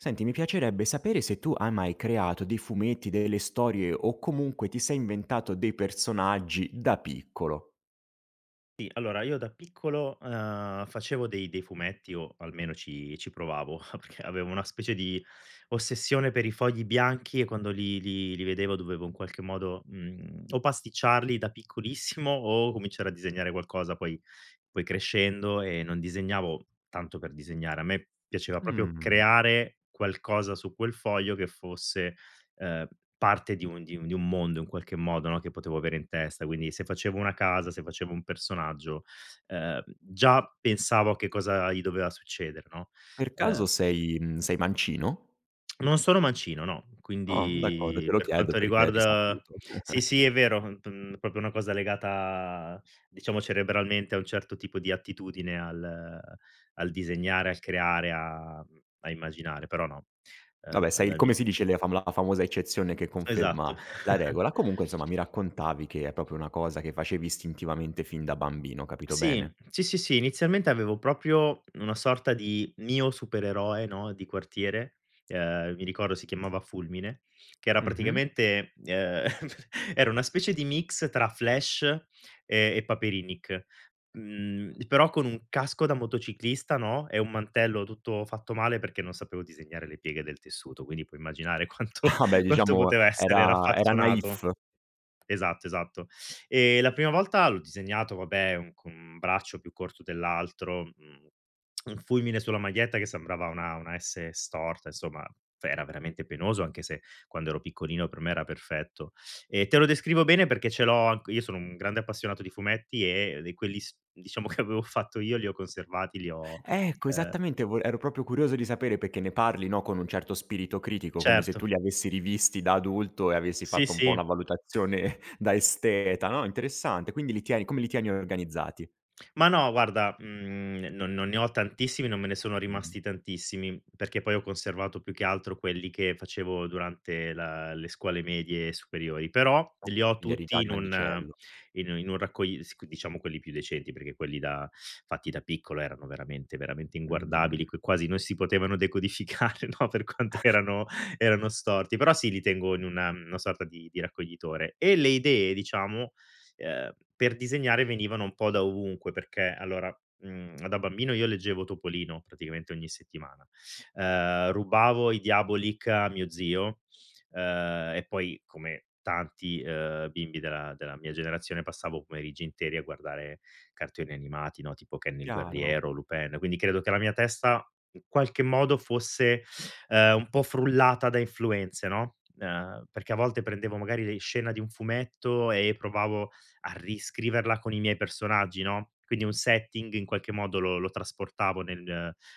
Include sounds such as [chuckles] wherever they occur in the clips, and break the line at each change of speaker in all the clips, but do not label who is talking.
Senti, mi piacerebbe sapere se tu hai mai creato dei fumetti, delle storie o comunque ti sei inventato dei personaggi da piccolo.
Sì, allora io da piccolo, ehm, facevo dei dei fumetti o almeno ci ci provavo. [chuckles] Perché avevo una specie di ossessione per i fogli bianchi e quando li li li vedevo dovevo in qualche modo, uhm, o pasticciarli da piccolissimo, o cominciare a disegnare qualcosa, poi poi crescendo, ehm, non disegnavo tanto per disegnare, a me piaceva proprio
Uhm.
creare qualcosa su quel foglio che fosse, ehm, parte di un di un di un mondo in qualche modo, no, che potevo avere in testa. Quindi se facevo una casa, se facevo un personaggio, ehm, già pensavo a che cosa gli doveva succedere, no,
Per
ehm
caso sei, mhmm, sei mancino?
[smacks lips] Non sono mancino, no,
Ah, d'accordo, te
quindi
lo
per
chiedo
quanto
perché è
riguarda
risaputo.
sì,
[chuckles]
sì è vero p mhmm, proprio una cosa legata, diciamo cerebralmente a un certo tipo di attitudine al al disegnare, al creare, a a immaginare, però no, ehm,
Vabbè sei come
dagli
si dice le fam la famosa eccezione che
Esatto.
conferma la
[chuckles]
regola. Comunque insomma, mi raccontavi che è proprio una cosa che facevi istintivamente fin da bambino, ho capito bene?
Sì, sì, sì, sì, inizialmente avevo proprio una sorta di mio supereroe, no, di quartiere. Ehm, mi ricordo, si chiamava Fulmine, che era
Mh-mh.
praticamente, ehm, [chuckles] era una specie di mix tra Flash e e Paperinik; mhmm, però con un casco da motociclista, no, e un mantello tutto fatto male, perché non sapevo disegnare le pieghe del tessuto, quindi puoi immaginare quanto
Ah, beh
quanto
diciamo
poteva essere
era era naif.
raffazzonato. Esatto, esatto. E la prima volta l'ho disegnato, vabbè, un con un braccio più corto dell'altro, uhm, [smacks lips] un fulmine sulla maglietta che sembrava una, una "S" storta; insomma, era veramente penoso, anche se quando ero piccolino per me era perfetto. E te lo descrivo bene perché ce l'ho anc io sono un grande appassionato di fumetti e di quelli s diciamo che avevo fatto io, li ho conservati, li ho,
Ecco
ehm
esattamente, vole ero proprio curioso di sapere, perché ne parli, no, con un certo spirito critico, come se tu
Certo.
li avessi rivisti da adulto, e avessi
Sì,
fatto un po' una
sì.
valutazione da esteta no, interessante; quindi li tieni come li tieni organizzati?
Ma no, guarda, mhmm, non non ne ho tantissimi non me ne sono
Mh.
rimasti tantissimi, perché poi ho conservato più che altro quelli che facevo durante la le scuole medie e superiori. Però,
Oh.
li ho
Quindi eri già
tutti in u
grandicello.
in un in un raccogli sì, c diciamo quelli più recenti, perché quelli da fatti da piccolo, erano veramente, veramente
Mh.
inguardabili, che quasi non si potevano decodificare, no, per quanto
[chuckles]
erano erano storti. Però sì, li tengo in una una sorta di di raccoglitore. E le idee, diciamo, ehm, per disegnare venivano un po' da ovunque perché allora, ehm, da bambino io leggevo Topolino praticamente ogni settimana. Ehm, rubavo i Diabolik a mio zio, ehm, e poi come tanti, ehm, bimbi della della mia generazione, passavo i pomeriggi interi a guardare cartoni animati, no, tipo Ken il
Chiaro.
guerriero, Lupin. Quindi, credo che la mia testa in qualche modo fosse, ehm, un po' frullata da influenze, no. Ehm, perché a volte prendevo, magari, le scena di un fumetto e provavo a riscriverla con i miei personaggi, no. Quindi un setting in qualche modo lo lo trasportavo nel,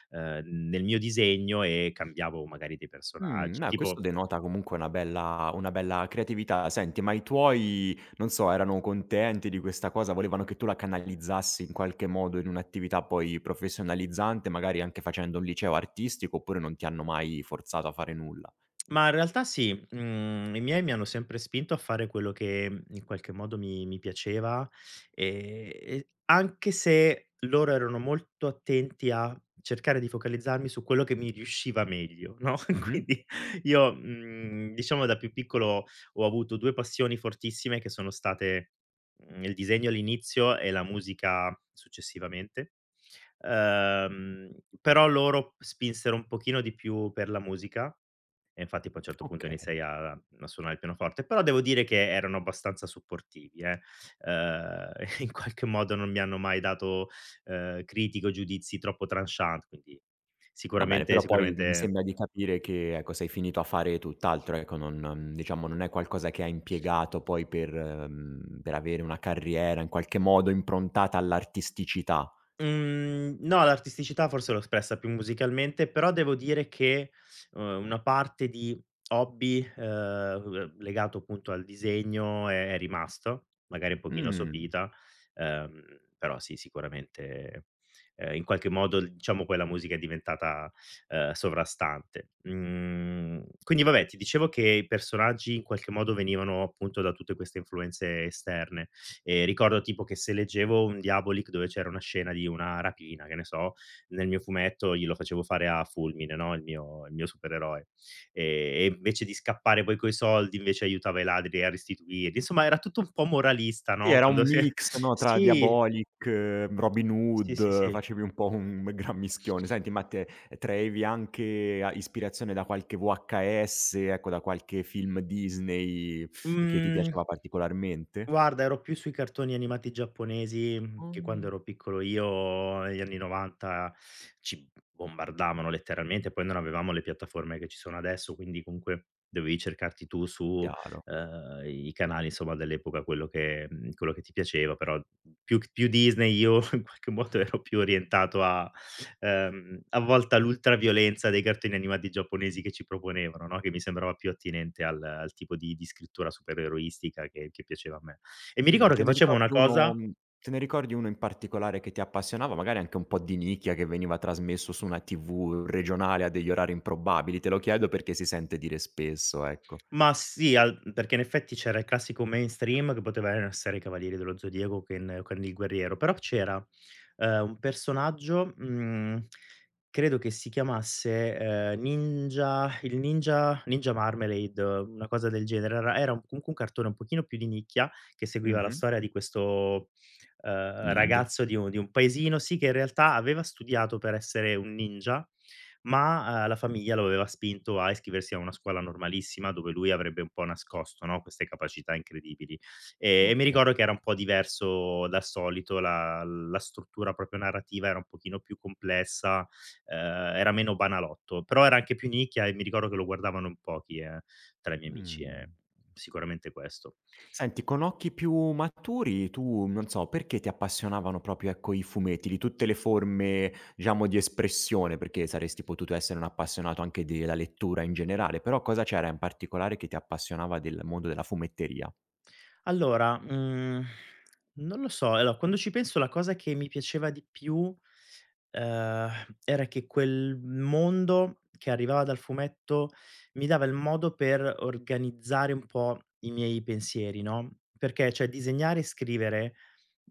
ehm, nel mio disegno, e cambiavo magari dei
Uhm.
personaggi,
No, questo
tipo
denota comunque una bella una bella creatività. Senti, ma i tuoi, non so, erano contenti di questa cosa? Volevano che tu la canalizzassi in qualche modo in un'attività poi professionalizzante, magari anche facendo un liceo artistico, oppure non ti hanno mai forzato a fare nulla?
[tsk] Ma in realtà sì. Mhmm, i miei mi hanno sempre spinto a fare quello che in qualche modo mi mi piaceva, e e anche se loro erano molto attenti a cercare di focalizzarmi su quello che mi riusciva meglio, no. E
Mh-mh.
quindi io, mhmm, diciamo da più piccolo, ho avuto 2 passioni fortissime che sono state, mhmm, il disegno all'inizio, e la musica successivamente. Ehm, però loro spinsero un pochino di più per la musica e infatti poi, a un certo punto,
Okay.
iniziai a a suonare il pianoforte. Però devo dire che erano abbastanza supportivi, eh, ehm, in qualche modo non mi hanno mai dato, ehm, critiche o giudizi troppo tranchant. Quindi
Va bene,
sicuramente
però poi, mi
sicuramente
sembra di capire che, ecco, sei finito a fare tutt'altro, ecco. Non non, diciamo non è qualcosa che hai impiegato poi per, uhm, per avere una carriera in qualche modo improntata all'artisticità.
Mhmm, no, l'artisticità forse l'ho espressa più musicalmente, però devo dire che, ehm, una parte di hobby, ehm, uhm, legato appunto al disegno è rimasto, magari un pochino
Mhmm
sopita, ehm, però sì, sicuramente, ehm, in qualche modo, diciamo, poi la musica è diventata, ehm, sovrastante. Mhmm, quindi vabbè, ti dicevo che i personaggi in qualche modo venivano appunto da tutte queste influenze esterne, e ricordo tipo che se leggevo un Diabolik dove c'era una scena di una rapina, che ne so, nel mio fumetto io lo facevo fare a Fulmine, no, il mio il mio supereroe. E e invece di scappare poi coi soldi, invece aiutava i ladri a restituirli; insomma, era tutto un po' moralista,
Sì,
no,
era un
quando si è
mix, no, tra
sì!
Diabolik, Robin
Sì, sì,
Hood,
sì.
facevi un po' un gran mischione. Senti, ma te, traevi anche a ispirazione da qualche VHS, ecco, da qualche film Disney che ti
Mhmm,
piaceva particolarmente?
guarda, ero più sui cartoni animati giapponesi, che quando
Mhmm.
ero piccolo io negli anni '90 ci bombardavano letteralmente. Poi non avevamo le piattaforme che ci sono adesso, quindi comunque dovevi cercarti tu su,
Chiaro.
ehm, i canali, insomma dell'epoca, quello che, uhm, quello che ti piaceva. Però più più Disney io in qualche modo ero più orientato a, ehm, a volte a l'ultra violenza dei cartoni animati giapponesi che ci proponevano, no? Che mi sembrava più attinente al al tipo di di scrittura supereroistica che che piaceva a me. E mi
Mh,
ricordo
te
che
ne
facevo una
ricordi 1
cosa
te ne ricordi 1 in particolare che ti appassionava? Magari anche un po' di nicchia, che veniva trasmesso su una TV regionale a degli orari improbabili? Te lo chiedo perché si sente dire spesso, ecco.
[tsk] Ma sì, al perché in effetti c'era il classico mainstream che poteva non essere: I Cavalieri dello Zodiaco, Ken o Ken il guerriero. Però c'era, ehm, un personaggio, mhmm, credo che si chiamasse, ehm, Ninja il Ninja Ninja Marmelade, una cosa del genere. Era era comunque un cartone un pochino più di nicchia che seguiva la
Mh-mh.
storia di questo, ehm,
Ninja.
ragazzo di un di un paesino, sì, che in realtà aveva studiato per essere un ninja, ma, ehm, la famiglia lo aveva spinto a iscriversi a una scuola normalissima, dove lui avrebbe un po' nascosto, no, queste capacità incredibili. Eh, e mi
Okay.
ricordo che era un po' diverso dal solito, la la struttura proprio narrativa, era un pochino più complessa, ehm, era meno banalotto. Però era anche più nicchia e mi ricordo che lo guardavano in pochi, eh, tra i miei amici, e
Mh-mh.
sicuramente questo.
Senti, con occhi più maturi, tu non so, perché ti appassionavano proprio, ecco, i fumetti di tutte le forme, diciamo, di espressione? Perché saresti potuto essere un appassionato anche della lettura in generale, però cosa c'era in particolare che ti appassionava del mondo della fumetteria?
Allora, mhmm, non lo so. Allora quando ci penso la cosa che mi piaceva di più, ehm, era che quel mondo che arrivava dal fumetto mi dava il modo per organizzare un po' i miei pensieri, no. Perché, cioè, disegnare e scrivere,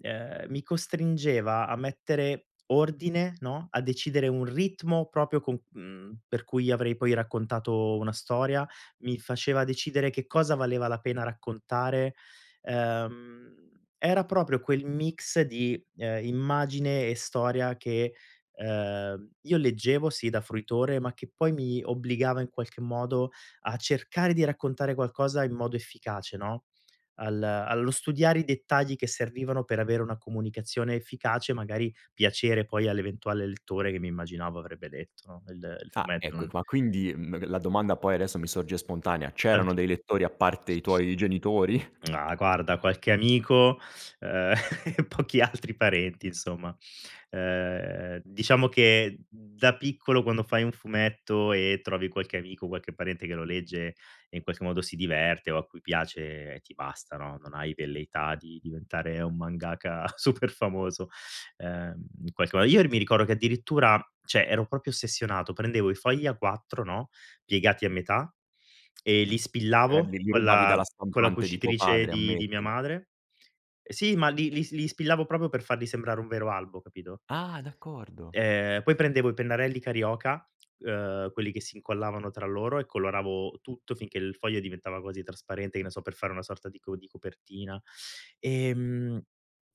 ehm, mi costringeva a mettere ordine, no, a decidere un ritmo proprio co mhmm, per cui avrei poi raccontato una storia. Mi faceva decidere che cosa valeva la pena raccontare. Ehm, era proprio quel mix di, ehm, immagine e storia che, ehm, io leggevo, sì da fruitore, ma che poi mi obbligava in qualche modo a cercare di raccontare qualcosa in modo efficace, no, al allo studiare i dettagli che servivano per avere una comunicazione efficace, magari piacere poi all'eventuale lettore che mi immaginavo avrebbe letto, no, il il
Ah,
fumetto,
ecco e
no.
qua, quindi, mhmm, la domanda poi adesso mi sorge spontanea. C'erano
Certo.
dei lettori a parte i tuoi genitori? [chuckles]
Ah, guarda, qualche amico, ehm, [chuckles] pochi altri parenti, insomma. Ehm, diciamo che da piccolo, quando fai un fumetto e trovi qualche amico, qualche parente che lo legge, e in qualche modo si diverte o a cui piace, ti basta, no, non hai velleità di diventare un mangaka super famoso. Ehm, in qualche mo io r mi ricordo che addirittura, cioè, ero proprio ossessionato: prendevo i fogli A4, no, piegati a metà e li
Eh,
spillavo
li
con
rubavi
la
dalla
con la
stampate di tuo
cucitrice
padre,
di di mia
ammettilo.
madre. Sì, ma li li li spillavo proprio per farli sembrare un vero albo, capito?
Ah, d'accordo.
Ehm, poi prendevo i pennarelli Carioca, [clicks tongue] ehm, quelli che si incollavano tra loro, e coloravo tutto finché il foglio diventava quasi trasparente, che ne so, per fare una sorta di co di copertina, ehm,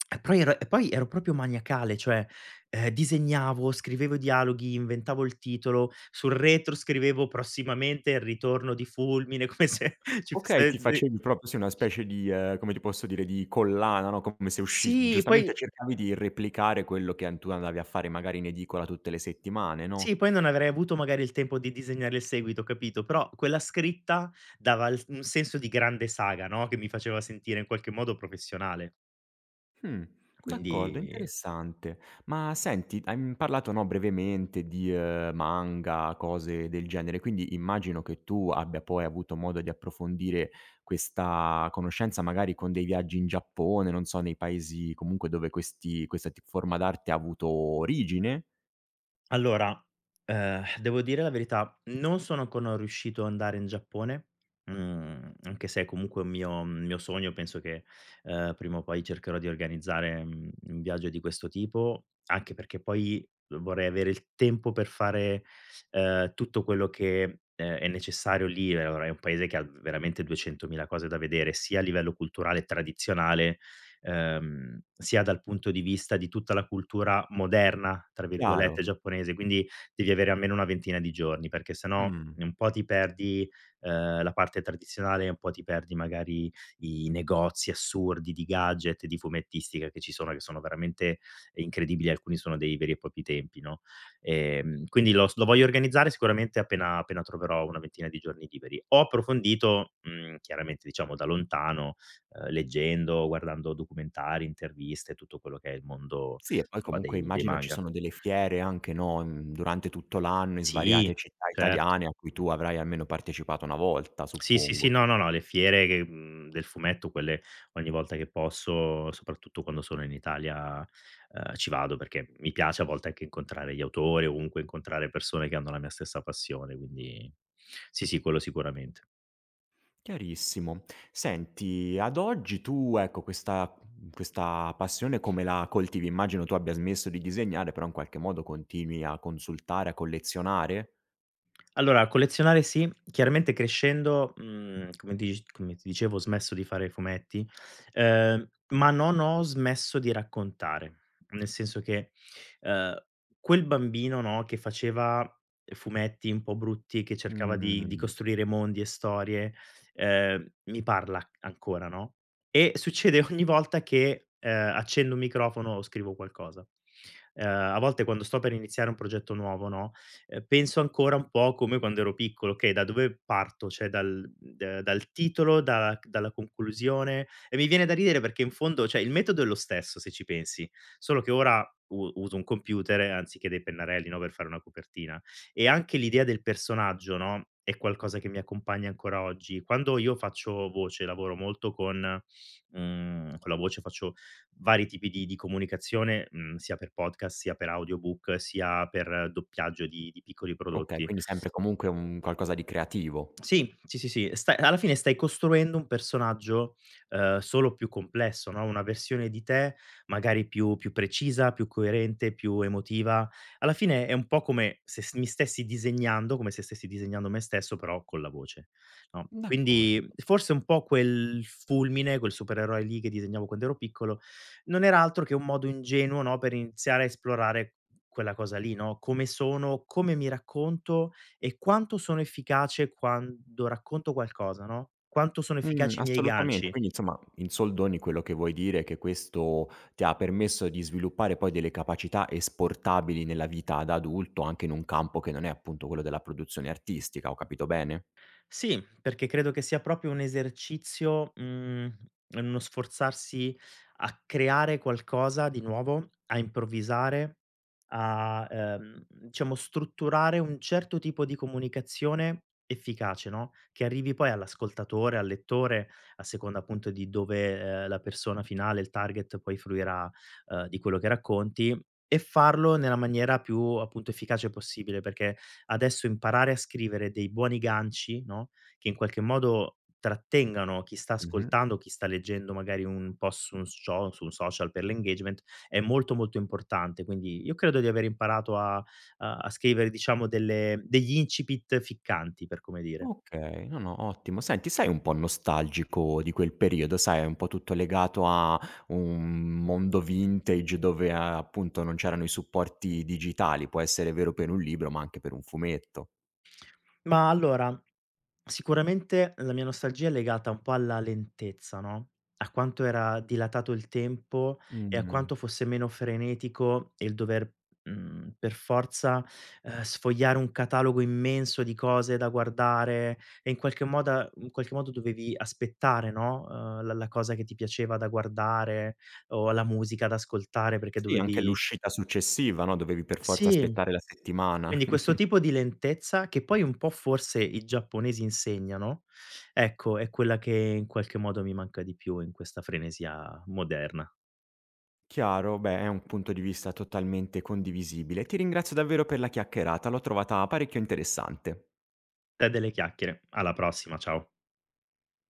[smacks lips] e poi era e poi ero proprio maniacale, cioè, ehm, disegnavo, scrivevo i dialoghi, inventavo il titolo; sul retro scrivevo "Prossimamente: il ritorno di Fulmine", come se ci
Okay,
fosse
ti
[unintelligible]
facevi proprio sì una specie di, ehm, come ti posso dire, di collana, no, come se usci
Sì,
giustamente
poi
cercavi di replicare quello che an tu andavi a fare magari in edicola tutte le settimane,
Sì,
no?
poi non avrei avuto magari il tempo di disegnare il seguito, capito? Però, quella scritta dava il s un senso di grande saga, no, che mi faceva sentire in qualche modo professionale.
Mh. D'accordo,
Quindi
interessante. Ma senti, hai, mhmm, parlato, no, brevemente di, ehm, manga, cose del genere, quindi immagino che tu abbia poi avuto modo di approfondire questa conoscenza, magari con dei viaggi in Giappone, non so, nei paesi comunque dove questi questa ti forma d'arte ha avuto origine?
Allora, ehm, devo dire la verità, non sono ancora riuscito ad andare in Giappone, mhmm, anche se è comunque un mio mio sogno. Penso che, ehm, prima o poi cercherò di organizzare, mhmm, un viaggio di questo tipo, anche perché poi vorrei avere il tempo per fare, ehm, tutto quello che, ehm, è necessario, lì ora, è un Paese che ha veramente ha 200.000 cose da vedere, sia a livello culturale e tradizionale, ehm, sia dal punto di vista di tutta la cultura "moderna", tra
Chiaro.
virgolette, giapponese; quindi devi avere almeno una ventina di giorni perché se no
Mh-mh.
un po' ti perdi, ehm, la parte tradizionale, un po' ti perdi magari i negozi assurdi di gadget, di fumettistica che ci sono, che sono veramente incredibili, alcuni sono dei veri e propri templi, no, ehm, quindi lo s lo voglio organizzare sicuramente appena appena troverò una ventina di giorni liberi. Ho approfondito, mhmm, chiaramente, diciamo da lontano, ehm, leggendo, guardando documentari, interviste, tutto quello che è il mondo,
Sì, e poi
insomma,
comunque
dei dei
immagino ci
manga.
sono delle fiere anche, no, in durante tutto l'anno, in
Sì,
svariate città
certo.
italiane, a cui tu avrai almeno partecipato 1 volta,
[tsk] Sì, sì, sì,
suppongo.
no, no, no, le fiere che, mhmm, del fumetto, quelle ogni volta che posso, soprattutto quando sono in Italia, ehm, ci vado. Perché mi piace a volte anche incontrare gli autori o comunque incontrare persone che hanno la mia stessa passione; quindi sì, sì, quello sicuramente.
Chiarissimo. Senti, ad oggi tu, ecco, questa, uhm, questa passione come la coltivi? Immagino tu abbia smesso di disegnare, però in qualche modo continui a consultare, a collezionare?
Allora collezionare sì, chiaramente crescendo, mhmm, come tic come ti dicevo, ho smesso di fare fumetti, ehm, ma non ho smesso di raccontare. Nel senso che, ehm, quel bambino, no, che faceva fumetti un po' brutti, e che cercava
Mh-mh, mh,
di di
mhmm.
costruire mondi e storie, ehm, mi parla ancora, no, e succede ogni volta che, ehm, accendo un microfono o scrivo qualcosa. Ehm, a volte quando sto per iniziare un progetto nuovo, no, penso ancora un po' come quando ero piccolo: "Okay, da dove parto?" Cioè dal, ehm, dal titolo, dalla dalla conclusione? E mi viene da ridere perché in fondo, cioè, il metodo è lo stesso, se ci pensi. Solo che ora u uso un computer, anziché dei pennarelli, no, per fare una copertina. E anche l'idea del personaggio, no, è qualcosa che mi accompagna ancora oggi. Quando io faccio voce, lavoro molto con, mhmm, con la voce, faccio vari tipi di di comunicazione, mhmm, sia per podcast, sia per audiobook, sia per doppiaggio di di piccoli
Okay,
prodotti.
quindi, sempre, comunque, un qualcosa di creativo.
Sì, sì, sì, sì, sta alla fine stai costruendo un personaggio, ehm, solo più complesso, no, una versione di te magari più più precisa, più coerente, più emotiva. Alla fine è un po' come se st mi stessi disegnando, come se stessi disegnando me stesso, però con la voce, no.
D'accordo.
Quindi forse un po' quel Fulmine, quel supereroe lì che disegnavo quand'ero piccolo, non era altro che un modo ingenuo, no, per iniziare a esplorare quella cosa lì, no, come sono, come mi racconto e quanto sono efficace quando racconto qualcosa, no, quanto sono
Mh,
efficaci i miei
assolutamente,
ganci?
quindi insomma, in soldoni, quello che vuoi dire, è che questo ti permesso di sviluppare poi delle capacità esportabili nella vita da adulto, anche in un campo che non è appunto quello della produzione artistica. Ho capito bene?
Sì, perché credo che sia proprio un esercizio, ehm, uno sforzarsi a creare qualcosa di nuovo, a improvvisare, a, ehm, diciamo strutturare un certo tipo di comunicazione efficace, no, che arrivi poi all'ascoltatore, al lettore, a seconda appunto di dove, ehm, la persona finale, il target, poi fruirà, ehm, di quello che racconti. E farlo nella maniera più, appunto, efficace possibile, perché adesso imparare a scrivere dei buoni ganci, no, che in qualche modo trattengano chi sta
Mh-mh.
ascoltando o chi sta leggendo, magari un po' su un scio su un social per l' engagement, è molto, molto importante. Quindi io credo di aver imparato a, uhm, a scrivere, diciamo, delle degli incipit ficcanti, per come dire.
Okay, no, no, ottimo. Senti, sei un po' nostalgico di quel periodo? Sai, è un po' tutto legato a un mondo vintage, dove, ehm, appunto non c'erano i supporti digitali, può essere vero per un libro ma anche per un fumetto.
Ma allora, sicuramente la mia nostalgia è legata un po' alla lentezza, no, a quanto era dilatato il tempo, e a
Mh.
quanto fosse meno frenetico il dover, mhmm, per forza, ehm, sfogliare un catalogo immenso di cose da guardare. E in qualche moda in qualche modo dovevi aspettare, no, ehm, la la cosa che ti piaceva da guardare, o la musica da ascoltare, perché
Sì, anche
dovevi
l'uscita successiva, no, dovevi per forza
Sì,
aspettare la settimana.
quindi questo
[chuckles]
tipo di lentezza, che poi un po' forse i giapponesi insegnano, ecco è quella che in qualche modo mi manca di più, in questa frenesia moderna.
Chiaro, beh, è un punto di vista totalmente condivisibile. Ti ringrazio davvero per la chiacchierata, l'ho trovata parecchio interessante.
Te delle chiacchiere. Alla prossima. Ciao.